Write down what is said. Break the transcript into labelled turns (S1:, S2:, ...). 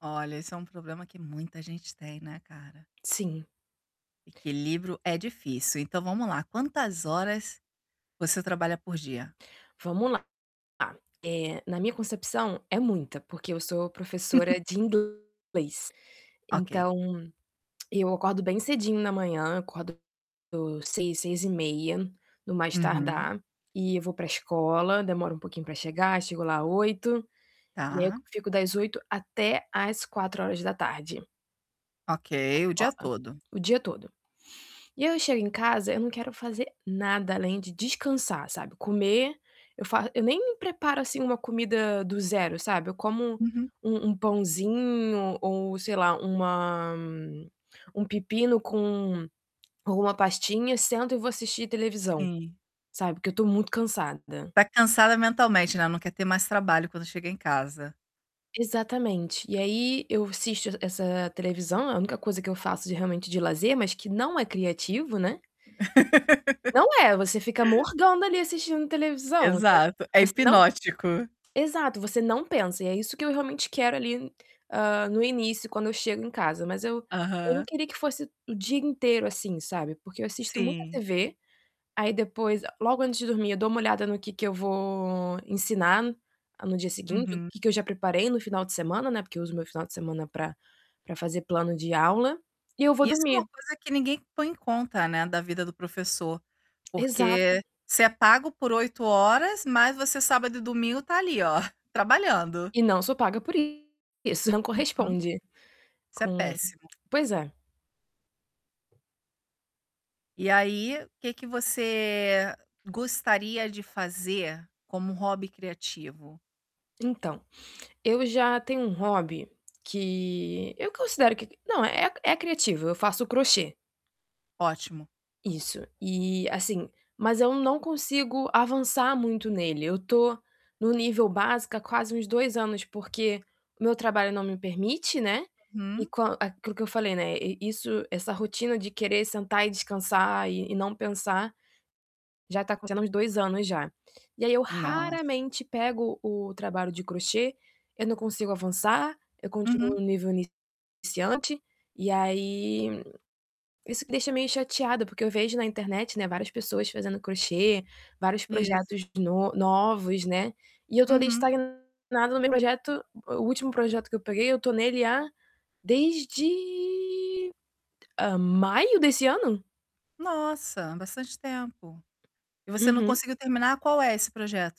S1: Olha, esse é um problema que muita gente tem, né, cara.
S2: Sim.
S1: Equilíbrio é difícil, então, vamos lá, quantas horas você trabalha por dia?
S2: Vamos lá. Tá, eh, na minha concepção, é muita, porque eu sou professora de inglês,
S1: Ok.
S2: então, eu acordo bem cedinho na manhã, acordo 6h, 6h30 no mais
S1: Uhum.
S2: tardar, e vou para a escola, demoro um pouquinho para chegar, chego lá 8, e aí eu
S1: Tá.
S2: fico das 8 até às 16h.
S1: Ok,
S2: A
S1: o dia
S2: escola,
S1: todo.
S2: o dia todo. E aí eu chego em casa, eu não quero fazer nada além de descansar, sabe, comer eu faço eu nem preparo, assim, uma comida do zero, sabe. Eu como
S1: Uhum.
S2: um um pãozinho ou, sei lá, uma um pepino com ou uma pastinha, sento e vou assistir televisão,
S1: Sim.
S2: sabe, porque eu estou muito cansada.
S1: Está cansada mentalmente, né, não quer ter mais trabalho quando chega em casa.
S2: Exatamente. E aí eu assisto essa televisão, a única coisa que eu faço de realmente de lazer, mas que não é criativo, né? Não é, você fica morgando, ali, assistindo televisão, você
S1: Exato, é
S2: você não
S1: hipnótico.
S2: exato, você não pensa, e é isso que eu realmente quero, ali, hã, no início, quando eu chego em casa. Mas eu eu não
S1: Aham.
S2: queria que fosse o dia inteiro, assim, sabe. Porque eu assisto muita
S1: Sim.
S2: TV, aí depois, logo antes de dormir, eu dou uma olhada no que que eu vou ensinar no dia seguinte, o
S1: Uhum.
S2: que que eu já preparei no final de semana, né, porque uso o meu final de semana para para fazer plano de aula, e eu vou
S1: Isso é uma
S2: dormir.
S1: coisa que ninguém põe em conta, né, da vida do professor?
S2: Exato.
S1: Porque você é pago por 8 horas, mas você, sábado e domingo, está ali, ó, trabalhando.
S2: E não sou paga por isso, não
S1: Uhum,
S2: corresponde,
S1: isso é
S2: com
S1: péssimo.
S2: pois é.
S1: E aí, o que que você gostaria de fazer, como um hobby criativo?
S2: Então, eu já tenho um hobby que eu considero que não, é é criativo, eu faço crochê.
S1: Ótimo.
S2: Isso, e, assim, mas eu não consigo avançar muito nele, eu estou no nível básico, há, quase uns 2 anos, porque o meu trabalho não me permite, né, e
S1: Hum.
S2: com aquilo que eu falei, né, isso essa rotina de querer sentar e descansar e e não pensar já está acontecendo há uns 2 anos já. E aí eu
S1: Nos
S2: raramente pego o trabalho de crochê, eu não consigo avançar, eu continuo
S1: Uhum.
S2: no nível iniciante, e aí, isso me deixa meio chateada, porque eu vejo na internet, né, várias pessoas fazendo crochê, vários
S1: Isso.
S2: projetos no novos, né, e eu estou ali
S1: Uhum.
S2: estagnada no meu projeto, o último projeto que eu peguei eu estou nele há desde maio desse ano?
S1: Nossa, há, bastante tempo. E você não
S2: Uhum.
S1: conseguiu terminar? Qual é esse projeto?